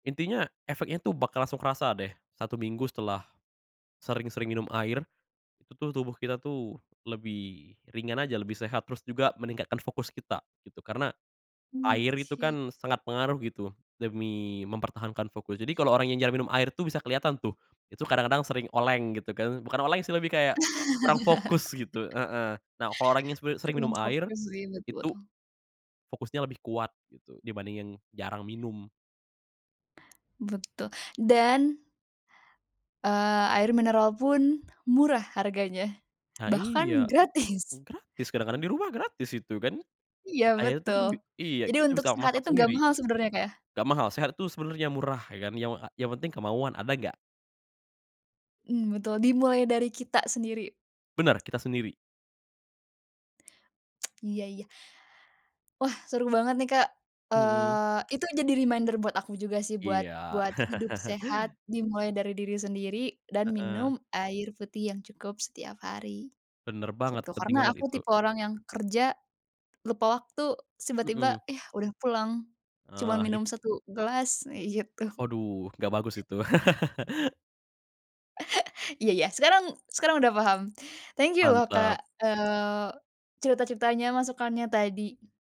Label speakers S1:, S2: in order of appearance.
S1: Intinya efeknya tuh bakal langsung kerasa deh, 1 minggu setelah, sering-sering minum air. Itu tubuh kita tuh lebih ringan aja, lebih sehat, terus juga meningkatkan fokus kita gitu, karena,
S2: Mmm,
S1: air itu
S2: sik.
S1: kan sangat pengaruh gitu demi mempertahankan fokus, jadi kalo orang yang jarang minum air tuh bisa keliatan tuh. Itu kadang kadang sering oleng gitu kan, bukan oleng sih lebih kayak, kurang fokus gitu, heeh, nah kalo orang yang sebe sering minum
S2: Kurang
S1: air,
S2: fokus sih. Betul
S1: itu,
S2: betul.
S1: fokusnya lebih kuat gitu, dibandingin jarang minum.
S2: Betul dan eee, air mineral pun murah harganya.
S1: Nah
S2: Bahkan
S1: iya,
S2: gratis.
S1: gratis kadang-kadang di rumah gratis itu kan.
S2: Iya
S1: Air tuh kan
S2: betul.
S1: bi iya
S2: Jadi
S1: kita
S2: untuk
S1: bisa
S2: sehat
S1: masak
S2: itu gak
S1: sendiri.
S2: mahal sebenernya Kak ya?
S1: Gak mahal, sehat tuh sebenernya murah ya kan, yang a yang penting kemauan, ada gak?
S2: Mmm, betul dimulai dari kita sendiri.
S1: Bener, kita sendiri.
S2: Iya iya. Wah seru banget nih Kak,
S1: Mmm.
S2: eee, itu jadi reminder buat aku juga sih, buat
S1: Iya.
S2: buat hidup sehat dimulai dari diri sendiri, dan
S1: Heeh.
S2: minum air putih yang cukup setiap hari,
S1: Bener banget,
S2: gitu,
S1: penting
S2: karena
S1: banget
S2: aku
S1: itu.
S2: tipe orang yang kerja, lupa waktu terus tiba-tiba,
S1: Mmm.
S2: yah udah pulang. Cuman
S1: Eh it
S2: minum 1 gelas, eee, gitu.
S1: Aduh gak bagus itu.
S2: Iya ya, sekarang sekarang udah paham. Thank you loh Kak,
S1: Mantap.
S2: eee, cerita-ceritanya, masukannya tadi.